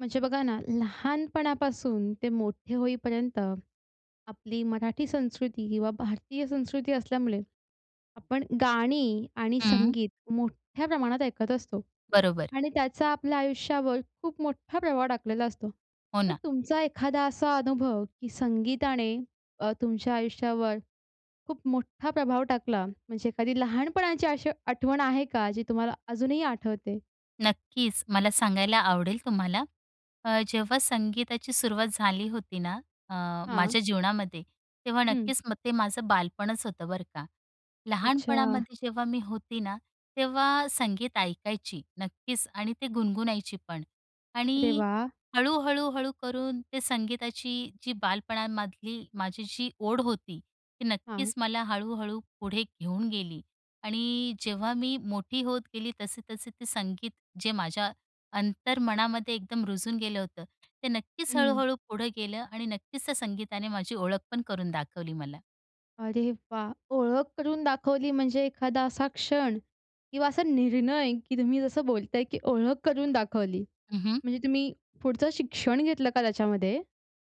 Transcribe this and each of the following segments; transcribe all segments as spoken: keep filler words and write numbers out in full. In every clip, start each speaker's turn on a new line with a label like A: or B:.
A: म्हणजे बघा ना, लहानपणापासून ते मोठे होईपर्यंत आपली मराठी संस्कृती किंवा भारतीय संस्कृती असल्यामुळे आपण गाणी आणि
B: हं.
A: संगीत मोठ्या प्रमाणात ऐकत असतो.
B: बरोबर.
A: आणि त्याचा आपल्या आयुष्यावर खूप मोठा प्रभाव टाकलेला असतो.
B: हो,
A: तर
B: ना.
A: तुमचा एखादा असा अनुभव की संगीताने अ, तुमच्या आयुष्यावर खूप मोठा प्रभाव टाकला? म्हणजे एखादी लहानपणाची अशी आठवण आहे का, जी तुम्हाला अजूनही आठवते?
B: नक्कीच. मला सांगायला आवडेल तुम्हाला. अ, जेव्हा संगीताची सुरुवात झाली होती ना, अ,
A: हां.
B: माझ्या जीवनामध्ये, तेव्हा
A: हं.
B: नक्कीच मग ते माझं बालपणच होतं बरं का.
A: अच्छा.
B: लहानपणामध्ये जेव्हा मी होती ना, तेव्हा संगीत ऐकायची, नक्कीच. आणि ते गुणगुणायची पण.
A: अरे
B: आणि
A: वाह!
B: हळू, हळू, हळू करून ते संगीताची जी बालपणामधली माझी जी ओढ होती, ती
A: हां.
B: नक्कीच मला हळू-हळू पुढे घेऊन गेली आणि जेव्हा मी मोठी होत गेली तसे-तसे ते संगीत जे माझ्या अंतर्मनामध्ये एकदम रुजून गेलं होतं. ते नक्कीच,
A: हं.
B: हळू-हळू पुढं गेलं आणि नक्कीच, त्या संगीताने माझी ओळख पण करून दाखवली मला.
A: अरे वाह! ओळख करून दाखवली, म्हणजे एखादा असा क्षण किंवा असा निर्णय, की तुम्ही जसं बोलताय, की ओळख करून दाखवली.
B: हं, हं.
A: म्हणजे तुम्ही पुढचं शिक्षण घेतलं का त्याच्यामध्ये?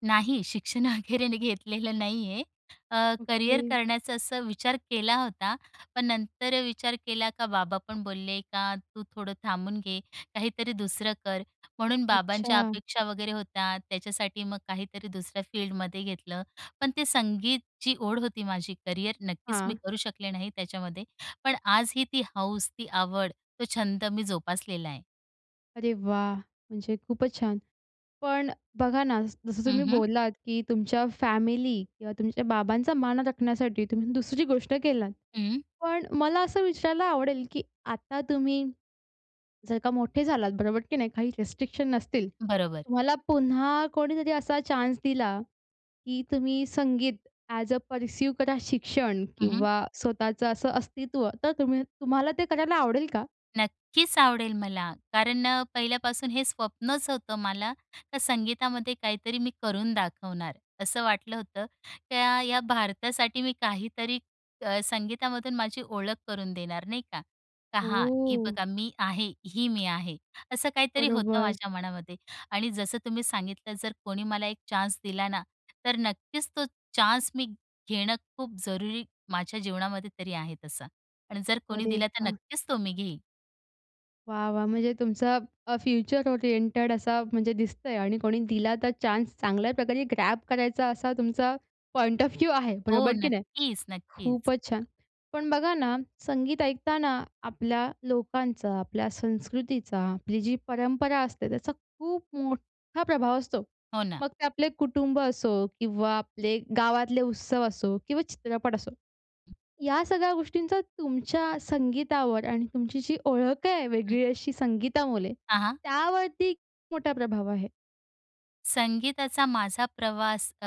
B: नाही, शिक्षण अगैरे घेतलेलं नाही आहे अ, करियर
A: ओके.
B: करण्याचा असं विचार केला होता पण नंतर विचार केला, का बाबा पण बोलले, का तू थोडं थांबून घे, काहीतरी दुसरं कर, म्हणून बाबांच्या
A: अच्छा.
B: अपेक्षा वगैरे होत्या त्याच्यासाठी मग काहीतरी दुसऱ्या फील्डमध्ये घेतलं. पण ते संगीतची ओढ होती माझी. करियर नक्कीच मी
A: हां.
B: करू शकले नाही त्याच्यामध्ये, पण आजही ती हौस, ती आवड, तो छंद मी जोपासलेला आहे.
A: अरे वाह! म्हणजे खूपच छान. पण बघा ना, जसं
B: हं,
A: तुम्ही
B: हं.
A: बोललात, की तुमच्या फॅमिली किंवा तुमच्या बाबांचा मान राखण्यासाठी तुम्ही दुसरी गोष्ट केलात.
B: हं.
A: पण मला असं विचारायला आवडेल, की आता तुम्ही जर का मोठे झालात बरोबर, की नाही काही रिस्ट्रिक्शन नसतील.
B: बरोबर.
A: तुम्हाला पुन्हा कोणीतरी असा चान्स दिला, की तुम्ही संगीत ॲज अ परसिव करा शिक्षण
B: हं, हं.
A: किंवा स्वतःचं असं अस्तित्व तर तुम्ही तुम्हाला ते करायला आवडेल का?
B: नक्कीच आवडेल मला. कारण अ, पहिल्यापासून हे स्वप्नच होतं मला तर संगीतामध्ये काहीतरी मी करून दाखवणार असं वाटलं होतं. त्या या भारतासाठी मी काहीतरी अ, संगीतामधून माझी ओळख करून देणार नाही का, का हां, ही
A: ओह!
B: बघा मी आहे, ही मी आहे. असं काहीतरी होतं
A: बरोबर.
B: माझ्या मनामध्ये. आणि जसं तुम्ही सांगितलं, जर कोणी मला एक चान्स दिला ना, तर नक्कीच तो चान्स मी घेणं खूप जरुरी माझ्या जीवनामध्ये तरी आहे तसं आणि जर कोणी
A: अरे
B: दिला तर
A: वाह!
B: नक्कीच तो मी घेईन.
A: वाह! वाह! म्हणजे तुमचं अ, फ्युचर ओरिएंटेड असं म्हणजे दिसतंय आणि कोणी दिला तर चान्स चांगल्या प्रकारे ग्रॅब करायचा असा तुमचा पॉइंट ऑफ व्ह्यू आहे,
B: हो,
A: बरोबर की नाही?
B: नक्कीच, नक्कीच.
A: खूपच छान! पण बघा ना, संगीत ऐकताना आपल्या लोकांचा, आपल्या संस्कृतीचा, आपली जी परंपरा असते त्याचा खूप मोठा प्रभाव असतो.
B: हो ना.
A: मग ते आपले कुटुंब असो किंवा आपले गावातले उत्सव असो किंवा चित्रपट असो, या सगळ्या गोष्टींचा तुमच्या संगीतावर आणि तुमची जी ओळख आहे
B: हं.
A: वेगळी अशी संगीतामुळे,
B: हां, हां.
A: त्यावरती मोठा प्रभाव आहे?
B: संगीताचा माझा प्रवास अ,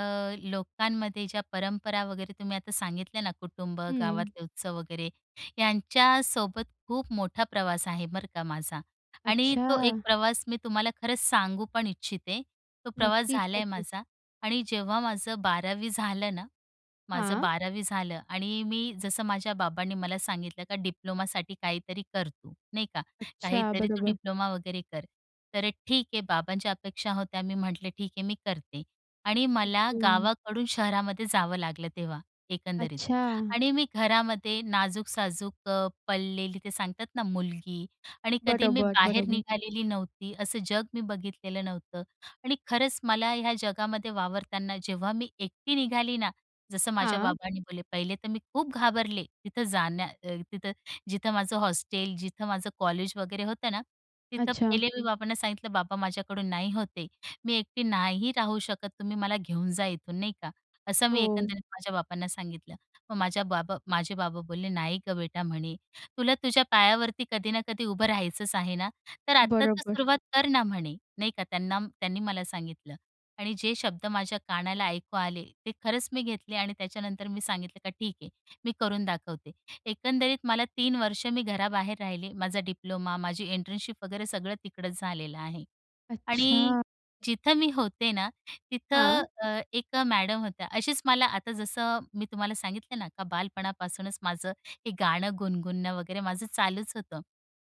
B: लोकांमध्ये ज्या परंपरा वगैरे तुम्ही आता सांगितल्या ना, कुटुंब,
A: हं.
B: गावातले उत्सव वगैरे यांच्यासोबत खूप मोठा प्रवास आहे बरं का माझा. आणि तो एक
A: अच्छा!
B: प्रवास मी तुम्हाला खरंच सांगू पण इच्छिते. तो प्रवास
A: नक्कीच,
B: झालाय आहे
A: नक्कीच.
B: माझा आणि जेव्हा माझं बारावी झालं ना माझं
A: हां.
B: बारावी झालं आणि मी जसं माझ्या बाबांनी मला सांगितलं का "डिप्लोमासाठी काहीतरी कर तू." नाही का?
A: अच्छा
B: "काहीतरी तू
A: बरोबर.
B: डिप्लोमा वगैरे कर." तर अ, ठीक आहे बाबांच्या अपेक्षा होत्या. मी म्हटलं, "ठीक आहे मी करते." आणि मला
A: ओके.
B: गावाकडून शहरामध्ये जावं लागलं तेव्हा, एकंदरीत.
A: अच्छा.
B: आणि मी घरामध्ये नाजूक-साजूक अ, पडलेली ते सांगतात ना, मुलगी आणि कधी मी
A: बरोबर,
B: बाहेर
A: बरोबर.
B: निघालेली नव्हती. असं जग मी बघितलेलं नव्हतं आणि खरंच मला ह्या जगामध्ये वावरताना जेव्हा मी एकटी निघाली ना, जसं माझे
A: हां.
B: बाबांनी बोलले. पहिले तर मी खूप घाबरले. तिथं जाण्या अ, तिथं जिथं माझं हॉस्टेल, जिथं माझं कॉलेज वगैरे होतं ना, तिथं
A: अच्छा.
B: पहिले मी बाबांना सांगितलं, "बाबा, माझ्याकडून नाही होत हे, मी एकटी नाही राहू शकत, तुम्ही मला घेऊन जा इथून." नाही का? असं मी
A: हो.
B: एकंदरीत माझ्या बाबांना सांगितलं. मग माझ्या बाबा माझे बाबा बोलले, "नाही गं बेटा," म्हणे, "तुला तुझ्या पायावरती कधी ना कधी उभं राहायचंच आहे ना? तर आता तर
A: बरोबर.
B: सुरुवात कर ना." म्हणे, नाही का, त्यांना त्यांनी मला सांगितलं. आणि जे शब्द माझ्या कानाला ऐकू आले ते खरंच मी घेतले आणि त्याच्यानंतर मी सांगितलं का "ठीक आहे, मी करून दाखवते." एकंदरीत मला तीन वर्ष मी घराबाहेर राहिले. माझा डिप्लोमा, माझी इंटर्नशिप वगैरे सगळं तिकडंच झालेलं आहे. आणि
A: अच्छा!
B: जिथं मी होते ना, तिथं
A: हां.
B: अ, एक मॅडम होत्या. अशीच मला आता जसं मी तुम्हाला सांगितलंय ना, का बालपणापासूनच माझं हे गाणं गुणगुणणं वगैरे माझं चालूच होतं.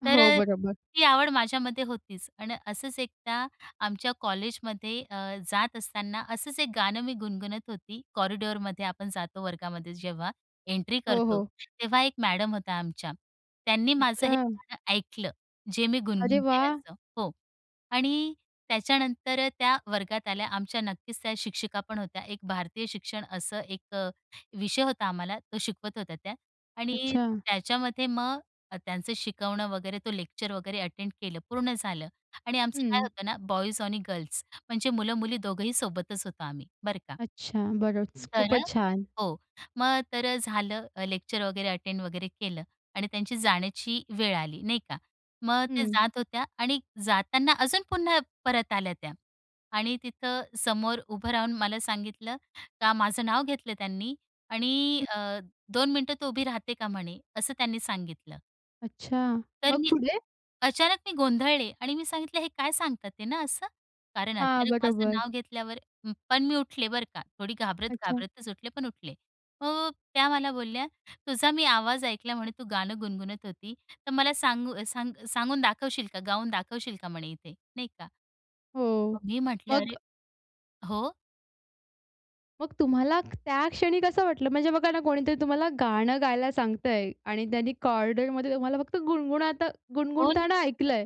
B: तर
A: हो,
B: अ,
A: बरोबर.
B: ती आवड माझ्यामध्ये होतीच. अन् असंच एकदा आमच्या कॉलेजमध्ये अ, जात असताना असंच एक गाणं मी गुणगुणत होती. कॉरिडोअरमध्ये आपण जातो वर्गामध्ये जेव्हा एन्ट्री
A: हो,
B: करतो
A: हो.
B: तेव्हा एक मॅडम होत्या आमच्या, त्यांनी माझं हे
A: अच्छा!
B: गाणं ऐकलं, जे मी
A: अरे
B: गुणगुणते
A: वाह!
B: असं हो. आणि त्याच्यानंतर त्या वर्गात आल्या. आमच्या नक्कीच त्या शिक्षिका पण होत्या. एक भारतीय शिक्षण असा एक अ, विषय होता आम्हाला, तो शिकवत होत्या त्या. आणि
A: अच्छा.
B: त्याच्यामध्ये मग त्यांचं शिकवणं वगैरे, तो लेक्चर वगैरे अटेंड केलं पूर्ण झालं आणि आमचं काय
A: हं.
B: होतं ना, बॉईज आणि गर्ल्स म्हणजे मुलं-मुली दोघंही सोबतच होतो आम्ही, बरं का
A: अच्छा, बरंच,
B: तर अ,
A: खूपच छान.
B: हो. मग तर अ, झालं लेक्चर वगैरे अटेंड वगैरे केलं आणि त्यांची जाण्याची वेळ आली, नाही का. मग त्या
A: हं.
B: जात होत्या आणि जाताना अजून पुन्हा परत आल्या त्या आणि तिथं समोर उभं राहून मला सांगितलं का, माझं नाव घेतलं त्यांनी आणि
A: हं.
B: अ, "दोन मिनिटं तू उभी राहते का?" म्हणे असं त्यांनी सांगितलं.
A: अच्छा.
B: तर
A: मग
B: मी
A: पुढे?
B: अचानक मी गोंधळले आणि मी सांगीतलं, हे काय सांगतात आहे ना असं? कारण
A: हां,
B: अचानक माझं
A: बरोबर.
B: नाव घेतल्यावर. हं. पण मी उठले, बरं का. थोडी
A: अच्छा.
B: घाबरत-घाबरतच उठले, पण उठले. अ, त्या मला बोलल्या, “तुझा मी आवाज ऐकला म्हणे. तू गाणं गुणगुणत होती. तर मला सांगू सांग सांगून दाखवशील का? गाऊन दाखवशील का म्हणे इथे?” नाही का.
A: हो.
B: मी म्हटलं, “अरे
A: मग
B: "हो.
A: मग तुम्हाला त्या क्षणी कसं वाटलं? म्हणजे बघा ना, कोणीतरी तुम्हाला गाणं गायला सांगतंय आणि त्यांनी कॉरिडॉरमध्ये तुम्हाला फक्त गुणगुणाता
B: कोण?
A: गुणगुणताना ऐकलंय.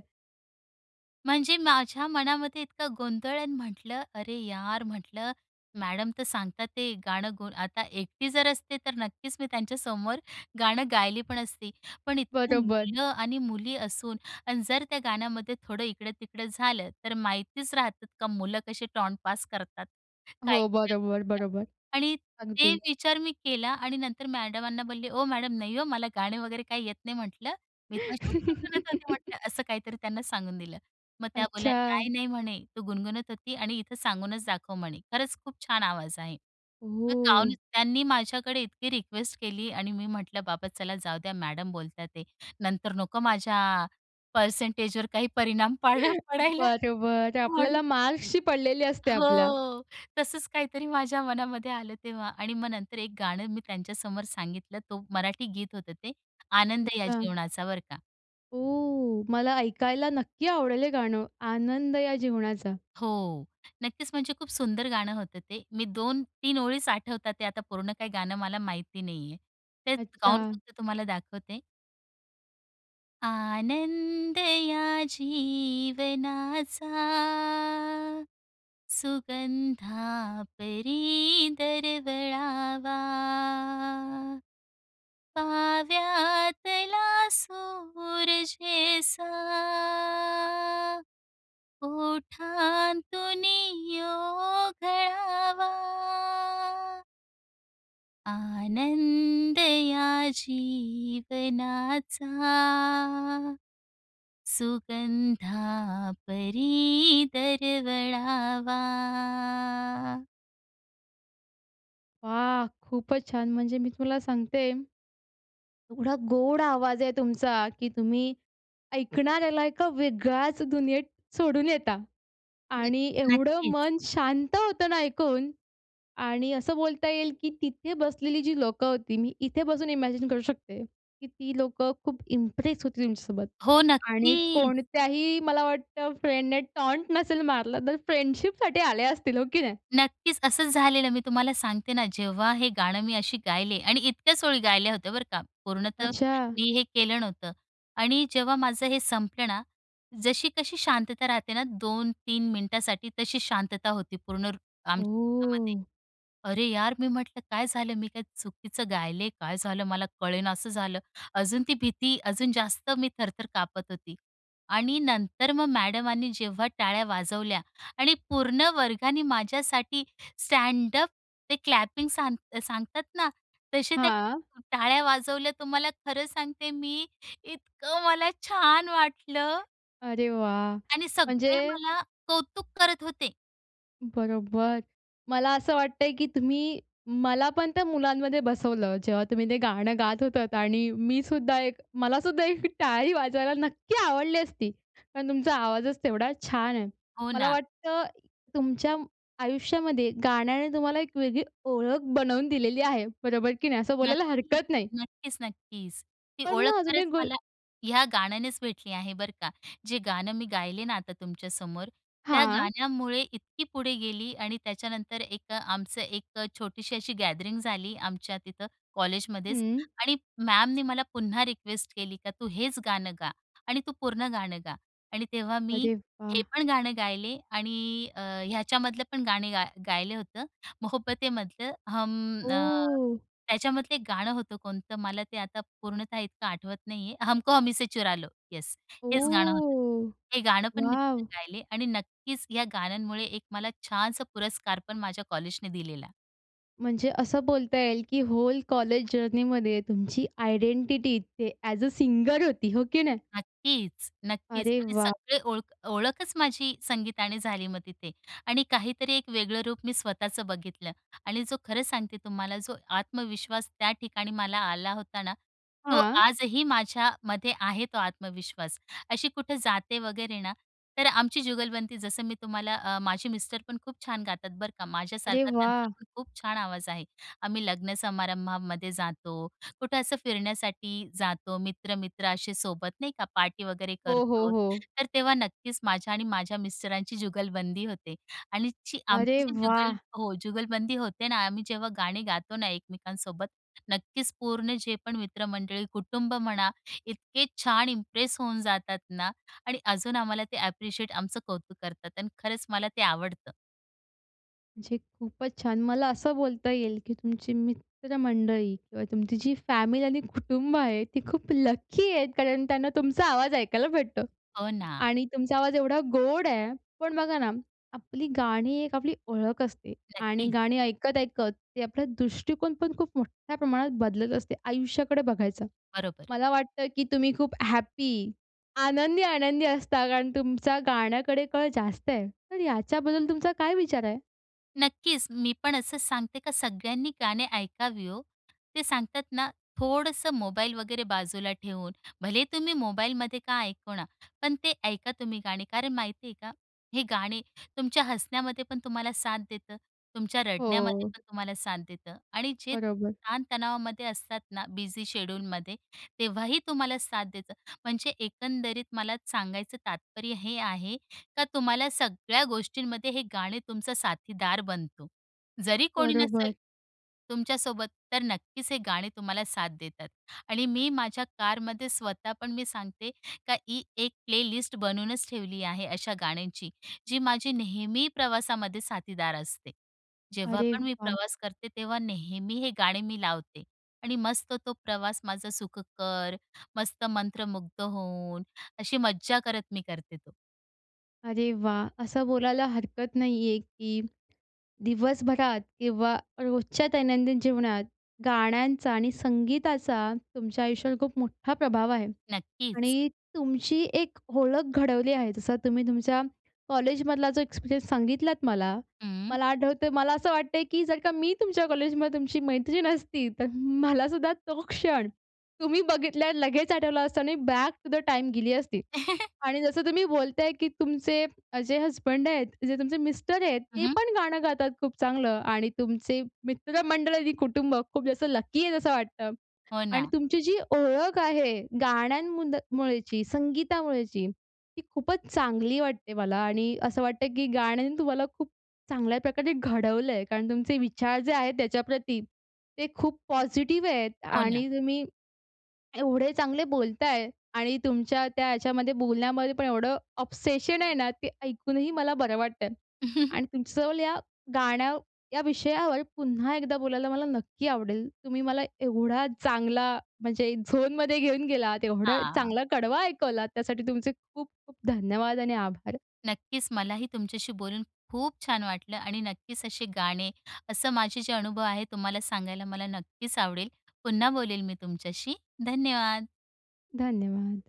B: म्हणजे माझ्या मनामध्ये इतका गोंधळ आणि म्हटलं, "अरे यार!" म्हटलं मॅडम तर सांगतात आहे. गाणं गु आता एकटी जर असते, तर नक्कीच मी त्यांच्यासमोर गाणं गायले पण असते. पण इतकी
A: बरोबर.
B: मुलं आणि मुली असून आणि जर त्या गाण्यामध्ये थोडं इकडं-तिकडं झालं, तर माहितीच राहतंत का मुलं कशी टॉण्ट पास करतात, काय,
A: हो,
B: काय
A: बरोबर,
B: बोलतात.
A: बरोबर.
B: आणि ते
A: अगदी.
B: विचार मी केला आणि नंतर मॅडमांना बोलले, "ओ, मॅडम नाही हो, मला गाणे वगैरे काही येत नाही" म्हंटलं, "मी तशीच गुणगुणत होती" म्हटलं. असं काहीतरी त्यांना सांगून दिलं. मग त्या बोलल्या,
A: अच्छा.
B: "नाही, नाही" म्हणे, "तू गुणगुणत होती आणि इथं सांगूनच दाखव" म्हणे, "खरंच खूप छान आवाज आहे." मग गाऊन
A: ओह!
B: त्यांनी माझ्याकडे इतकी रिक्वेस्ट केली आणि मी म्हटलं बाबा चला जाऊ द्या मॅडम बोलता आहेत. नंतर नको माझ्या परसेंटेजवर काही परिणाम पाड पडायला
A: बरं, बरं.
B: म्हणून
A: आपल्याला मार्क्सशी पडलेली असते आपल्या.
B: हो. तसंच काहीतरी माझ्या मनामध्ये आलं तेव्हा आणि मग नंतर एक गाणं मी त्यांच्यासमोर सांगितलं. तो मराठी गीत होतं ते, "आनंद या
A: अच्छा.
B: जीवनाचा" बरं का.
A: ओ, मला ऐकायला नक्की आवडेल हे गाणं, "आनंद या जीवनाचा."
B: हो, नक्कीच म्हणजे खूप सुंदर गाणं होतं ते. मी दोन तीन ओळीचं आठवतात आहे, आता पूर्ण काही गाणं मला माहिती नाहीये. ते गाऊन
A: अच्छा.
B: फक्त तुम्हाला दाखवते. आनंद या जीवनाचा, सुगंधा परी दरवळावा. काव्यातला सुर जेसा ओठांतुनी ओघळावा आनंद या जीवनाचा, सुगंधा परी दरवळावा.
A: वा! खूपच छान म्हणजे मी तुला सांगते एवढा गोड आवाज आहे तुमचा, की तुम्ही ऐकणाऱ्याला एका वेगळ्याच दुनियेत सोडून येता.
B: अं,
A: आणि एवढं
B: नक्कीच.
A: मन शांत होतं ना ऐकून. आणि असं बोलता येईल, की तिथे बसलेली जी लोकं होती, मी इथे बसून इमॅजिन करू शकते, की ती लोकं खूप इम्प्रेस होती तुमच्यासोबत
B: हो,
A: आणि
B: नक्कीच.
A: कोणत्याही मला वाटतं फ्रेंडने टॉन्ट नसेल मारलं, तर फ्रेंडशिपसाठी आले असतील, हो की नाही?
B: नक्कीच असंच झालेलं मी तुम्हाला सांगते ना, जेव्हा हे गाणं मी अशी गायले आणि इतक्याच ओळी गायल्या होत्या, बरं का, पूर्णतः
A: अच्छा.
B: मी हे केलं नव्हतं. आणि जेव्हा माझं हे संपलं ना, जशी कशी शांतता राहते ना दोन तीन मिनिटासाठी, तशी शांतता होती पूर्ण [unintelligible] आमच्यातामध्ये.
A: ओह.
B: "अरे यार," मी म्हटलं, "काय झालं? मी काय चुकीचं गायले? काय झालं," मला कळेनासं झालं. अजून ती भीती अजून जास्त मी थर-थर कापत होती. आणि नंतर मग मॅडमानी जेव्हा टाळ्या वाजवल्या आणि पूर्ण वर्गाने माझ्यासाठी स्टँडअप ते क्लॅपिंग सांग सांगतात ना, तसे त्या
A: हां.
B: टाळ्या वाजवल्या तुम्हाला खरं सांगते, मी इतकं मला छान वाटलं.
A: अरे वाह!
B: आणि सगळे
A: म्हणजे
B: मला कौतुक करत होते.
A: बरोबर. मला असं वाटतंय, की तुम्ही मला पण त्या मुलांमध्ये बसवलं. जेव्हा तुम्ही ते गाणं गात होतात आणि मी सुद्धा एक मला सुद्धा एक टाळी वाजवायला नक्की आवडली असती. पण तुमचा आवाजच तेवढा छान आहे.
B: हो
A: मला
B: ना.
A: वाटतं तुमच्या आयुष्यामध्ये गाण्याने तुम्हाला एक वेगळी ओळख बनवून दिलेली आहे. बरोबर की नाही? असं बोलायला
B: नक्कीच,
A: हरकत नाही.
B: नक्कीच, नक्कीच. ती
A: पण
B: ओळख
A: मग अजून
B: खरंच
A: एक गो
B: मला ह्या गाण्यानेच भेटली आहे, बरं का. जे गाणं मी गायले ना आता तुमच्यासमोर, त्या
A: हां.
B: गाण्यामुळे इतकी पुढे गेली आणि त्याच्यानंतर एक आमचं एक छोटीशी अशी गॅदरिंग झाली, आमच्या तिथं कॉलेजमध्येच
A: हं.
B: आणि मॅमनी मला पुन्हा रिक्वेस्ट केली का तू हेच गाणं गा आणि तू पूर्ण गाणं गा. आणि तेव्हा मी
A: अरे
B: हे
A: वाह!
B: पण गाणं गायले आणि अ, ह्याच्यामधलं पण गाणे गा गायले होतं, "मोहब्बतेमधलं", हम अ,
A: ओह!
B: त्याच्यामधलं एक गाणं होतं, कोणतं? मला ते आता पूर्णतः इतकं आठवत नाही आहे. हमको हमी से चुरालो, येस. हेच गाणं होतं.
A: ओह!
B: हे गाणं पण मी
A: वॉव!
B: तिथं गायले आणि नक्कीच या गाण्यांमुळे एक मला छानसा पुरस्कार पण माझ्या कॉलेजने दिलेला.
A: म्हणजे असं बोलता येईल, की होल कॉलेज जर्नीमध्ये तुमची आयडेंटिटी इथे ॲज अ सिंगर होती, हो की नाही?
B: नक्कीच, नक्कीच.
A: अरे
B: आणि
A: वाह!
B: सगळी ओळख ओळखच माझी संगीतानेच झाली मग तिथे. आणि काहीतरी एक वेगळं रूप मी स्वतःचं बघितलं. आणि जो खरं सांगते तुम्हाला, जो आत्मविश्वास त्या ठिकाणी मला आला होता ना, तो
A: हां.
B: आजही माझ्यामध्ये आहे तो आत्मविश्वास. अशी कुठं जाते वगैरे ना, तर आमची जुगलबंदी, जसं मी तुम्हाला अ, माझे मिस्टर पण खूप छान गातात बरं का.
A: अरे
B: माझ्यासारखाच त्यांचा
A: वा!
B: पण खूप छान आवाज आहे. आम्ही लग्न समारंभामध्ये जातो, कुठे असं फिरण्यासाठी जातो, मित्र-मित्र असे सोबत नाही का, पार्टी वगैरे
A: हो, हो,
B: करतो,
A: हो.
B: तर तेव्हा नक्कीच माझी आणि माझ्या मिस्टरांची जुगलबंदी होते. आणि ची आमची
A: अरे
B: जी
A: व्वा!
B: जुगल हो. जुगलबंदी होते ना, आम्ही जेव्हा गाणी गातो ना, एकमेकांसोबत, नक्कीच पूर्ण जे पण मित्रमंडळी, कुटुंब म्हणा, इतके छान इम्प्रेस होऊन जातात ना. आणि अजून आम्हाला ते ॲप्रिशिएट आमचं कौतुक करतात आणि खरंच मला ते आवडतं.
A: म्हणजे खूपच छान. मला असं बोलता येईल, की तुमची मित्रमंडळी किंवा तुमची जी फॅमिली आणि कुटुंब आहे, ती खूप लकी आहेत, कारण त्यांना तुमचा आवाज ऐकायला भेटतो
B: हो, ना.
A: आणि तुमचा आवाज एवढा गोड आहे. पण बघा ना, आपली गाणी एक आपली ओळख असते आणि
B: नक्कीच.
A: गाणी ऐकत-ऐकत ते आपला दृष्टिकोन पण, खूप मोठ्या प्रमाणात बदलत असते आयुष्याकडे बघायचा.
B: बरोबर.
A: मला वाटतं की तुम्ही खूप हॅपी, आनंदी-आनंदी असता, कारण तुमचा गाण्याकडे कल जास्त आहे. तर याच्याबद्दल तुमचा काय विचार आहे?
B: नक्कीच. मी पण असं सांगते का, सगळ्यांनी गाणे ऐकावे, हो. ते सांगतात ना, थोडंसं मोबाईल वगैरे बाजूला ठेवून, भले तुम्ही मोबाईलमध्ये का ऐकू ना, पण ते ऐका तुम्ही गाणे. कारण माहिती आहे का? हे गाणे तुमच्या हसण्यामध्ये पण तुम्हाला साथ देतं, तुमच्या रडण्यामध्ये
A: हो.
B: पण तुम्हाला साथ देतं आणि जे
A: बरोबर.
B: ताणतणावामध्ये असतात ना, बिझी शेड्यूलमध्ये, तेव्हा ही तुम्हाला साथ देतं. म्हणजे एकंदरीत मला सांगायचं तात्पर्य हे आहे का तुम्हाला सगळ्या गोष्टींमध्ये हे गाणे तुमचं साथीदार बनतो. जरी कोणी नसेल
A: बरोबर.
B: तुमच्यासोबत, तर नक्कीच हे गाणे तुम्हाला साथ देतात. आणि मी माझ्या कारमध्ये स्वतः पण सांगते का, ही एक प्लेलिस्ट बनवूनच ठेवली आहे अशा गाण्यांची, जी माझी नेहमी प्रवासामध्ये साथीदार असते. जेव्हा
A: अरे
B: पण मी
A: वाह!
B: प्रवास करते, तेव्हा नेहमी हे गाणे मी लावते आणि मस्त तो प्रवास माझा सुखकर, मस्त मंत्रमुग्ध होऊन, अशी मज्जा करत मी करते तो.
A: अरे वाह! असं बोलायला हरकत नाही आहे की दिवसभरात किंवा रोजच्या दैनंदिन जीवनात गाण्यांचा आणि संगीताचा, तुमच्या आयुष्यावर खूप मोठा प्रभाव आहे
B: नक्कीच.
A: आणि तुमची एक ओळख घडवली आहे. जसं तुम्ही तुमच्या कॉलेजमधला जो एक्सपिरियन्स सांगितलात मला.
B: हं.
A: मला आठवतं मला असं वाटतं आहे, की जर का मी तुमच्या कॉलेजमध्ये तुमची मैत्रीण असती, तर मलासुद्धा तो क्षण तुम्ही बघितल्या लगेच आठवला असता आणि बॅक टू द टाईम गेली असती. आणि जसं तुम्ही बोलत आहे की तुमचे जे हसबंड आहेत, जे तुमचे मिस्टर आहेत, ते
B: हं.
A: पण गाणं गातात खूप चांगलं आणि तुमचे मित्रमंडळ आणि कुटुंब खूप जास्त लकी आहे असं वाटतं.
B: हो
A: आणि
B: ना.
A: तुमची जी ओळख आहे गाण्यांमुळेची, संगीतामुळेची, ती खूपच चांगली वाटते मला आणि असं वाटतं की गाण्याने तुम्हाला खूप चांगल्या प्रकारे घडवलं आहे. कारण तुमचे विचार जे आहेत त्याच्याप्रती ते खूप पॉझिटिव्ह आहेत
B: हो ना.
A: आणि तुम्ही एवढे चांगले बोलत आहे आणि तुमच्या त्या याच्या बोलण्यात पण एवढं ऑब्सेशन आहे ना, ते ऐकून ही मला बरं वाटतं. आणि तुमच्याजवळ या गाण्या या विषयावर पुन्हा एकदा बोलायला मला नक्की आवडेल. तुम्ही मला एवढा चांगला म्हणजे झोनमध्ये घेऊन गेलात, एवढा
B: हां.
A: चांगला कडवा ऐकवलात, त्यासाठी तुमचे खूप खूप धन्यवाद आणि आभार.
B: नक्कीच. मला ही तुमच्याशी बोलून खूप छान वाटलं. आणि नक्कीच असे गाणे, असं माझे जे अनुभव आहेत, तुम्हाला सांगायला मला नक्कीच आवडेल. पुन्हा बोलेन मी तुमच्याशी. धन्यवाद.
A: धन्यवाद.